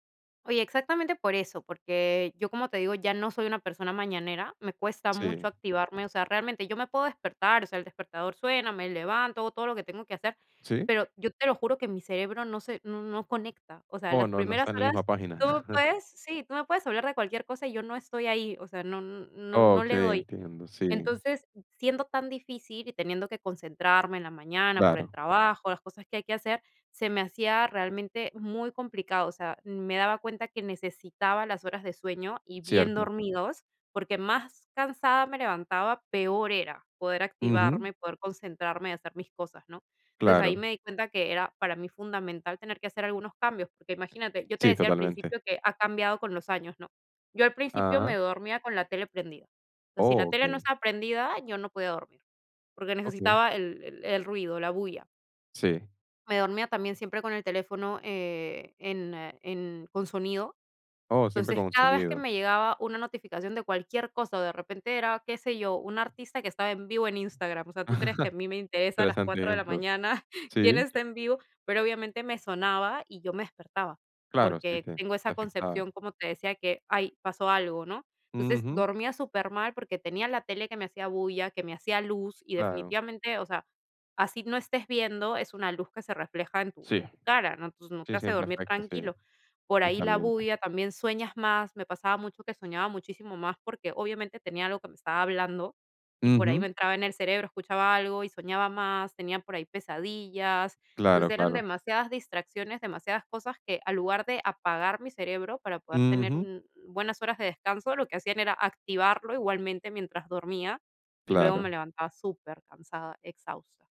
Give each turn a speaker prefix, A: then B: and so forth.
A: Oye, exactamente por eso, porque yo, como te digo, ya no soy una persona mañanera, me cuesta mucho
B: Sí.
A: activarme, o sea, realmente yo me puedo despertar, o sea, el despertador suena, me levanto, hago todo lo que tengo que hacer,
B: Sí
A: pero yo te lo juro que mi cerebro no se, no no conecta, o sea,
B: ¡Oh,
A: las
B: No! No está
A: primeras
B: en la misma
A: horas
B: página.
A: tú puedes, sí, tú me puedes hablar de cualquier cosa y yo no estoy ahí, o sea, no no no le
B: Okey,
A: doy.
B: entiendo sí.
A: Entonces, siendo tan difícil y teniendo que concentrarme en la mañana por el
B: Claro.
A: trabajo, las cosas que hay que hacer, se me hacía realmente muy complicado, o sea, me daba cuenta que necesitaba las horas de sueño y bien
B: Cierto.
A: dormidos porque más cansada me levantaba, peor era, poder
B: Ujú.
A: activarme, poder concentrarme y hacer mis cosas, ¿no? Entonces, ahí
B: Claro.
A: me di cuenta que era para mí fundamental tener que hacer algunos cambios, porque imagínate, yo te
B: Sí,
A: decía al
B: totalmente.
A: principio que ha cambiado con los años, ¿no? Yo al principio
B: Ajá.
A: me dormía con la tele prendida, pero si la
B: Oh,
A: tele no
B: okey.
A: estaba prendida, yo no podía dormir, porque
B: Okey.
A: necesitaba el el el ruido, la bulla.
B: Sí.
A: Me dormía también siempre con el teléfono, eh, en en con sonido,
B: Oh, siempre
A: entonces,
B: con un
A: cada vez que
B: sonido.
A: me llegaba una notificación de cualquier cosa o de repente era, qué sé yo, un artista que estaba en vivo en Instagram, o sea, ¿tú crees que a mí me interesa a las
B: Interesante
A: 4 de la
B: ejemplo.
A: mañana
B: Sí.
A: quién está en vivo? Pero obviamente me sonaba y yo me despertaba,
B: Claro, sí
A: porque
B: te
A: tengo esa
B: te afectaba.
A: concepción, como te decía que: "¡Ay! Pasó algo", ¿no? Entonces,
B: Ujú.
A: dormía supermal porque tenía la tele que me hacía bulla, que me hacía luz y
B: Claro.
A: definitivamente, o sea, así no estés viendo, es una luz que se refleja en tu
B: Sí,
A: en tu cara, ¿no? Entonces no te
B: sí,
A: hace
B: siempre
A: dormir
B: afecta. Sí,
A: tranquilo. Por ahí la
B: totalmente.
A: bulla también sueñas más, me pasaba mucho que soñaba muchísimo más porque, obviamente, tenía algo que me estaba hablando y por ahí
B: Ujú.
A: me entraba en el cerebro, escuchaba algo y soñaba más, tenía por ahí pesadillas. Entonces
B: Claro,
A: eran
B: claro.
A: demasiadas distracciones, demasiadas cosas que, al lugar de apagar mi cerebro para poder tener
B: Ujú.
A: un un buenas horas de descanso, lo que hacían era activarlo igualmente mientras dormía y luego me
B: Claro.
A: levantaba supercansada, exhausta.